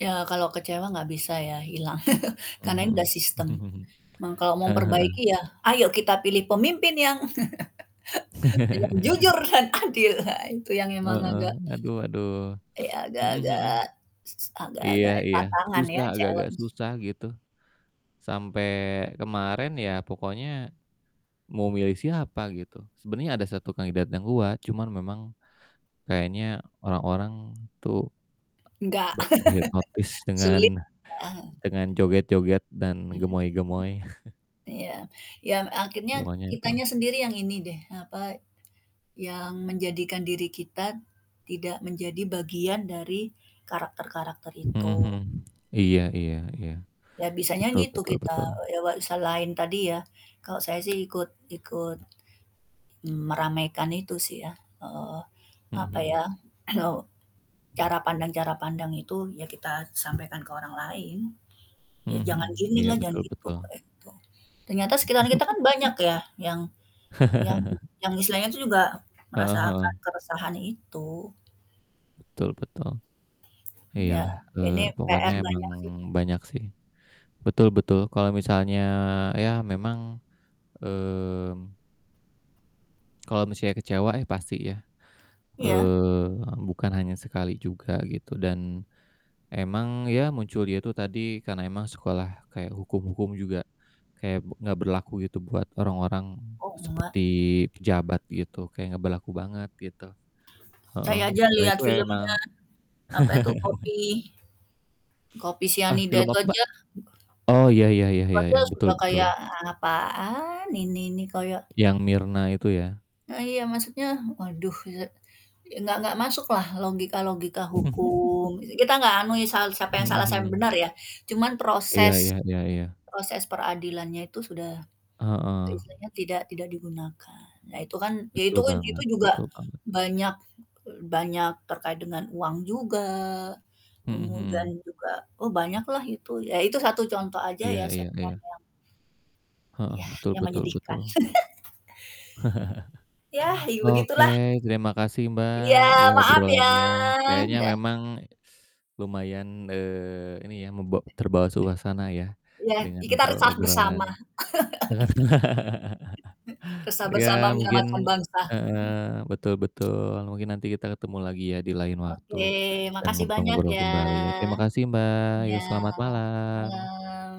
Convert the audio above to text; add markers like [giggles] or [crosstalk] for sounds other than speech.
Ya, kalau kecewa enggak bisa ya, hilang, [chuckles] karena ini Mhm udah mhm. sistem. [chuckles] Cuman, kalau mau Heeh heeh. memperbaiki ya, "Ayo, kita pilih pemimpin yang [chuckles] yang jujur [chuckles] dan adil." Nah, itu yang memang Heeh, agak, aduh aduh. ya Mhm mhm. agak-agak Iya agak-agak iya, tantangan ya, susah agak-agak challenge. susah, gitu. Sampai kemarin ya, pokoknya "Mau, milih siapa?" gitu. Sebenarnya ada 1 kandidat yang kuat, cuman memang kayaknya orang-orang tuh Nggak be terhipnotis [chuckles] sulit, dengan heeh. dengan joget-joget, dan Mhm mhm. gemoy-gemoy. [chuckles] Ya, yang akhirnya Pokoknya, gitu. kitanya sendiri yang ini deh, apa, yang menjadikan diri kita tidak menjadi bagian dari karakter-karakter Mhm mhm. itu. Iya iya iya. Ya bisanya Betul gitu betul kita, betul. ya wek selain tadi ya. Kalau saya sih ikut ikut meramaikan itu sih, ya. Heeh, Mhm apa ya, mhm. kalau [clears throat] cara pandang cara pandang itu ya kita sampaikan ke orang lain, "Ya Mhm jangan mhm. Iya, ginilah, jangan betul gitu," betul. gitu. Ternyata sekitar kita kan [giggles] banyak ya, yang yang [chuckles] yang istilahnya tuh juga Heeh heeh. merasakan keresahan itu. Betul betul. Ya, Iyalah, ini eee, pokoknya PR emang banyak sih. banyak sih. Betul betul, kalau misalnya, ya memang, mmm kalau misalnya kecewa? Ya, pasti ya, Iya. eee, bukan hanya sekali juga, gitu. Dan, emang ya, muncul, ya, itu tadi, karena emang sekolah kayak hukum-hukum juga kayak, be enggak berlaku gitu, buat orang-orang Oh, seperti enggak. pejabat, gitu, kayak enggak berlaku banget, gitu, heeh. Saya aja Nah, lihat itu emang filmnya, apa itu, [chuckles] kopi kopi Ah, sianida film itu apa, Mbak? aja Oh, iya iya iya itu iya aja iya, betul sudah kayak, betul. "Apaan ini?" Ini, kayak Yang Mirna itu ya? Nah, iya. Maksudnya, waduh, eee, enggak enggak masuklah logika-logika hukum [chuckles] Kita enggak anui sal siapa yang Mhm salah, siapa yang mhm. benar, ya. Cuman, Iya proses iya iya iya. proses peradilannya itu sudah, Heeh. istilahnya tidak tidak digunakan. Nah itu kan ya Betul itu itu banget juga, betul banget. banyak banyak terkait dengan uang juga, Mhm kemudian mhm. juga oh, banyaklah itu. Ya, itu satu contoh aja Iya ya iya iya. sebenarnya. Heeh, Yah, betul yang betul menyedihkan. betul. [laughs] Yah, [chuckles] it Oke, begitulah. terima kasih, Mbak, Iya, ya maaf ya. obrolannya, kayaknya ye ah memang, [sucks teeth] lumayan, eee, ini ya, bak terbawa suasana ya, Iya, dengan i kita resah obrol-obrolan, bersama. dengan. [laughs] [chuckles] Resah Ya, bersama mungkin menyelamatkan bangsa. heeh, betul [chuckles] betul, mungkin nanti kita ketemu lagi ya, di lain Oke, waktu, dan makasih banyak ngobrol-ngobrol ya. kembali, ya. Terima kasih, Mbak, Iya, ya selamat malam. malam.